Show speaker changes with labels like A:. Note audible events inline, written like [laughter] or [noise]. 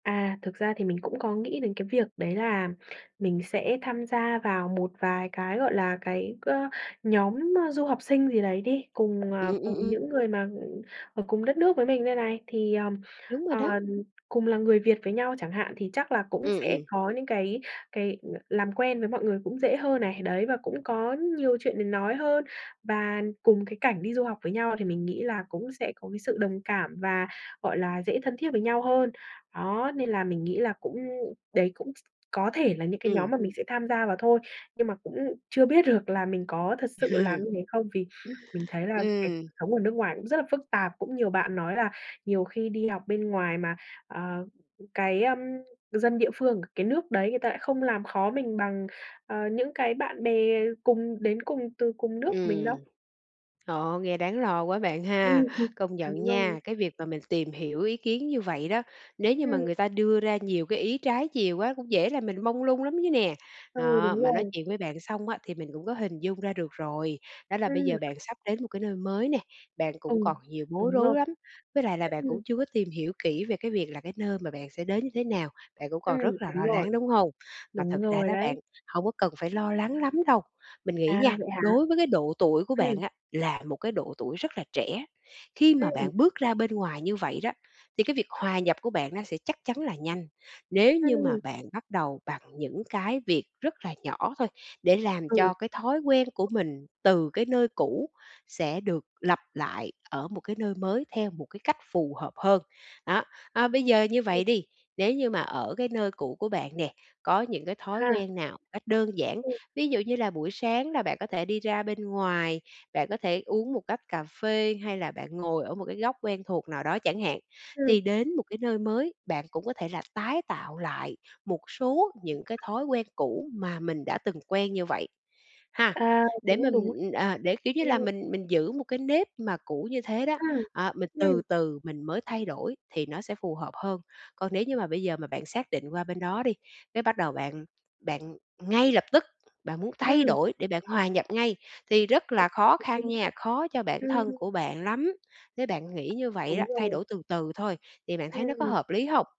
A: À, thực ra thì mình cũng có nghĩ đến cái việc đấy là mình sẽ tham gia vào một vài cái, gọi là, cái, ơ, nhóm, a, du học sinh gì đấy đi, cùng, à,
B: Ừm, ừm,
A: cùng
B: ừm.
A: những người mà, ừm, ở cùng đất nước với mình đây này. Thì,
B: Đúng rồi đó.
A: ờm, cùng là người Việt với nhau chẳng hạn thì chắc là cũng
B: Ừm,
A: sẽ
B: ừm.
A: có những cái cái l làm quen với mọi người cũng dễ hơn này, đấy và cũng có nhiều chuyện để nói hơn và cùng cái cảnh đi du học với nhau thì mình nghĩ là cũng sẽ có cái sự đồng cảm và, gọi là, dễ thân thiết với nhau hơn. Đó, nên là mình nghĩ là cũng đấy cũng s có thể là những cái nhóm
B: Ừm.
A: mà mình sẽ tham gia vào thôi nhưng mà cũng chưa biết được là mình có thực sự làm như
B: [laughs]
A: thế không, vì mình thấy là cái cuộc
B: Ừm.
A: sống ở nước ngoài cũng rất là phức tạp, cũng nhiều bạn nói là nhiều khi đi học bên ngoài mà, à, cái, ưm, dân địa phương cái nước đấy người ta lại không làm khó mình bằng, ờ, những cái bạn bè cùng đến cùng, từ cùng nước mình
B: Ừm.
A: đâu.
B: Trời ơi, nghe đáng lo quá bạn
A: Ừm
B: ha.
A: hừm,
B: Công nhận
A: đúng rồi.
B: nha, cái việc mà mình tìm hiểu ý kiến như vậy đó, nếu như mà
A: Ừm.
B: người ta đưa ra nhiều cái ý trái chiều quá cũng dễ làm mình mông lung lắm chứ nè.
A: Ừ,
B: Đó,
A: đúng
B: mà nói
A: rồi.
B: chuyện với bạn xong á thì mình cũng có hình dung ra được rồi, đó là bây
A: Ừm.
B: giờ bạn sắp đến một cái nơi mới nè, bạn cũng
A: Ừ,
B: còn nhiều bối
A: đúng
B: rối
A: rồi.
B: lắm, với lại là bạn
A: Ưm,
B: cũng
A: ừm.
B: chưa có tìm hiểu kỹ về cái việc là cái nơi mà bạn sẽ đến như thế nào, bạn cũng còn rất
A: Ừm,
B: là lo
A: đúng rồi.
B: lắng, đúng hông? Mà
A: Đúng
B: thật ra
A: rồi
B: đó
A: đấy.
B: bạn, hông có cần phải lo lắng lắm đâu. Mình nghĩ nha,
A: À, vậy hả?
B: đối với cái độ tuổi của
A: Ừm.
B: bạn á là một cái độ tuổi rất là trẻ, khi mà
A: Ừm.
B: bạn bước ra bên ngoài như vậy đó, thì cái việc hòa nhập của bạn nó sẽ chắc chắn là nhanh, nếu như mà
A: Ừm.
B: bạn bắt đầu bằng những cái việc rất là nhỏ thôi, để làm
A: Ừ.
B: cho cái thói quen của mình từ cái nơi cũ sẽ được lặp lại ở một cái nơi mới theo một cái cách phù hợp hơn. Đó, à, bây giờ như
A: Ừm.
B: vậy đi, nếu như mà ở cái nơi cũ của bạn nè, có những cái thói
A: À.
B: quen nào cách đơn giản,
A: Ừ.
B: ví dụ như là buổi sáng là bạn có thể đi ra bên ngoài, bạn có thể uống một tách cà phê hay là bạn ngồi ở một cái góc quen thuộc nào đó chẳng hạn, thì
A: Ừm.
B: đến một cái nơi mới, bạn cũng có thể là tái tạo lại một số những cái thói quen cũ mà mình đã từng quen như vậy, ha.
A: À.
B: Để
A: Cũng
B: mình,
A: đúng.
B: ừ, ờ, để, kiểu như là,
A: Ừm.
B: mình mình giữ một cái nếp mà cũ như thế đó,
A: Ừm.
B: à, mình từ
A: Ừm.
B: từ mình mới thay đổi thì nó sẽ phù hợp hơn. Còn nếu như mà bây giờ mà bạn xác định qua bên đó đi, cái bắt đầu bạn bạn ngay lập tức, bạn muốn thay
A: Ừm.
B: đổi để bạn hòa nhập ngay thì rất là
A: Cũng
B: khó
A: đúng
B: khăn
A: ha.
B: nha, khó cho bản
A: Ừm,
B: thân
A: ừm.
B: của bạn lắm. Nếu bạn nghĩ như vậy
A: Đúng
B: đó, thay
A: rồi.
B: đổi từ từ thôi, thì bạn thấy nó có
A: Ừm.
B: hợp lý hông?